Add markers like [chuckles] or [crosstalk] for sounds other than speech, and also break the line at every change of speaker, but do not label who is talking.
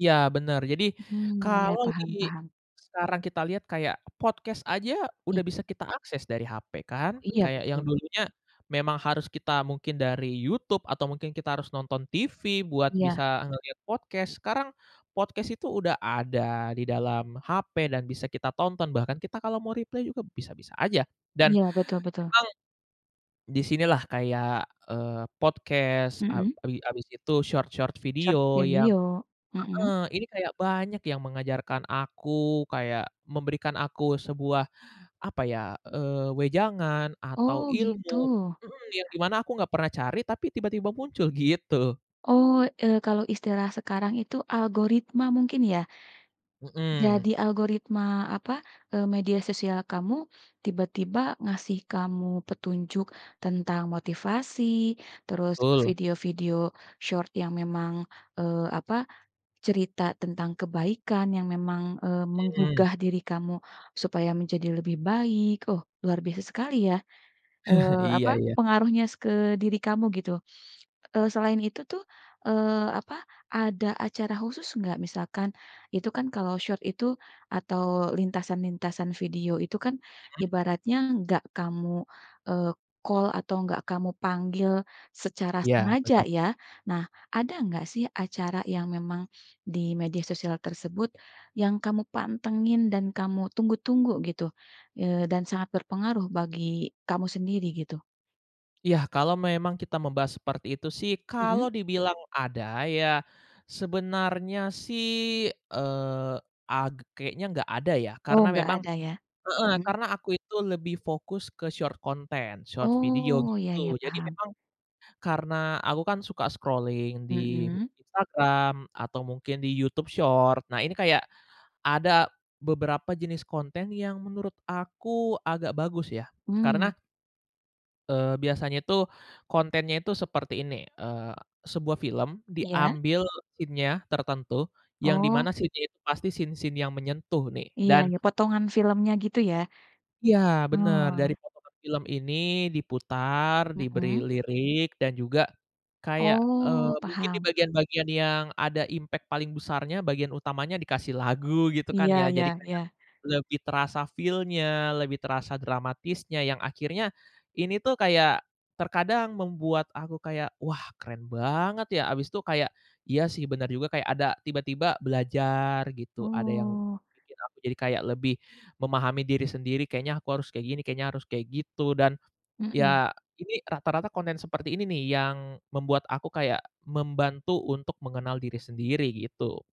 Iya, bener, jadi
Mhm, ya,
kalau di
paham paham.
sekarang kita lihat kayak podcast aja
Iy
udah bisa kita akses dari HP kan.
Iya,
Kayak yang
betul.
dulunya memang harus kita mungkin dari YouTube atau mungkin kita harus nonton TV buat bisa
Iya.
ngeliat podcast, sekarang podcast itu udah ada di dalam HP dan bisa kita tonton, bahkan kita kalau mau reply juga bisa-bisa aja, dan
Iya, betul betul.
emang di sini lah kayak, eee, podcast a
Mhm.
bi habis itu short-short
Short
video yang
video. Mhm.
heeh, ini kayak banyak yang mengajarkan aku kayak memberikan aku sebuah, apa ya, eee, wejangan atau
Oh, gitu.
ilmu mhm, yang di mana aku nggak pernah cari tapi tiba-tiba muncul, gitu.
Oh, eee, kalau istilah sekarang itu algoritma mungkin ya? Jadi
Mhm.
algoritma, apa, eee, media sosial kamu tiba-tiba ngasih kamu petunjuk tentang motivasi, terus
Betul.
video-video short yang memang, eee, apa, cerita tentang kebaikan yang memang, eee,
Mhm.
menggugah diri kamu supaya menjadi lebih baik. Oh, luar biasa sekali ya,
[chuckles]
eee, apa,
Iya iya.
pengaruhnya s ke diri kamu gitu, eee, selain itu tuh, eee, apa, ada acara khusus nggak, misalkan itu kan kalau short itu atau lintasan-lintasan video itu kan
Mhm.
ibaratnya nggak kamu, eee, call atau nggak kamu panggil secara
Iya, bener.
sengaja ya. Nah, ada nggak sih acara yang memang di media sosial tersebut, yang kamu pantengin dan kamu tunggu-tunggu gitu, eee, dan sangat berpengaruh bagi kamu sendiri gitu?
Iya, kalau memang kita membahas seperti itu sih,
Mhm.
kalau dibilang ada ya sebenarnya sih, eee, ag kayaknya nggak ada ya.
Oh,
Karena
nggak
memang
ada ya?
heeh,
Mhm.
karena aku itu lebih fokus ke short content, short video,
Oh, iya iya,
gitu. Jadi
paham.
memang karena aku kan suka scrolling di
Mhm.
Instagram atau mungkin di YouTube Short, nah ini kayak ada beberapa jenis konten yang menurut aku agak bagus ya karena
Hmm.
eee, biasanya tuh kontennya itu seperti ini, eee, sebuah film
Iya.
diambil scene-nya tertentu, yang di
Oh.
mana scene-nya itu pasti scene-scene yang menyentuh nih
Iya
dan
iya, potongan filmnya gitu ya?
Iya, bener. Dari
Oh.
potongan film ini diputar, diberi
Mhm.
lirik dan juga kayak, eee,
Oh,
mungkin di
paham.
bagian-bagian yang ada impact paling besarnya, bagian utamanya dikasih lagu, gitu kan
Iya,
ya. Jadi
ya
kayak
ya.
lebih terasa feel-nya, lebih terasa dramatisnya, yang akhirnya ini tuh kayak terkadang membuat aku kayak, "Wah, keren banget ya," habis itu kayak, iya sih benar juga, kayak ada tiba-tiba belajar gitu, ada yang
Oh.
bikin aku jadi kayak lebih memahami diri sendiri, kayaknya aku harus kayak gini, kayaknya harus kayak gitu, dan
Mhm.
iya ini rata-rata konten seperti ini nih yang membuat aku kayak membantu untuk mengenal diri sendiri, gitu.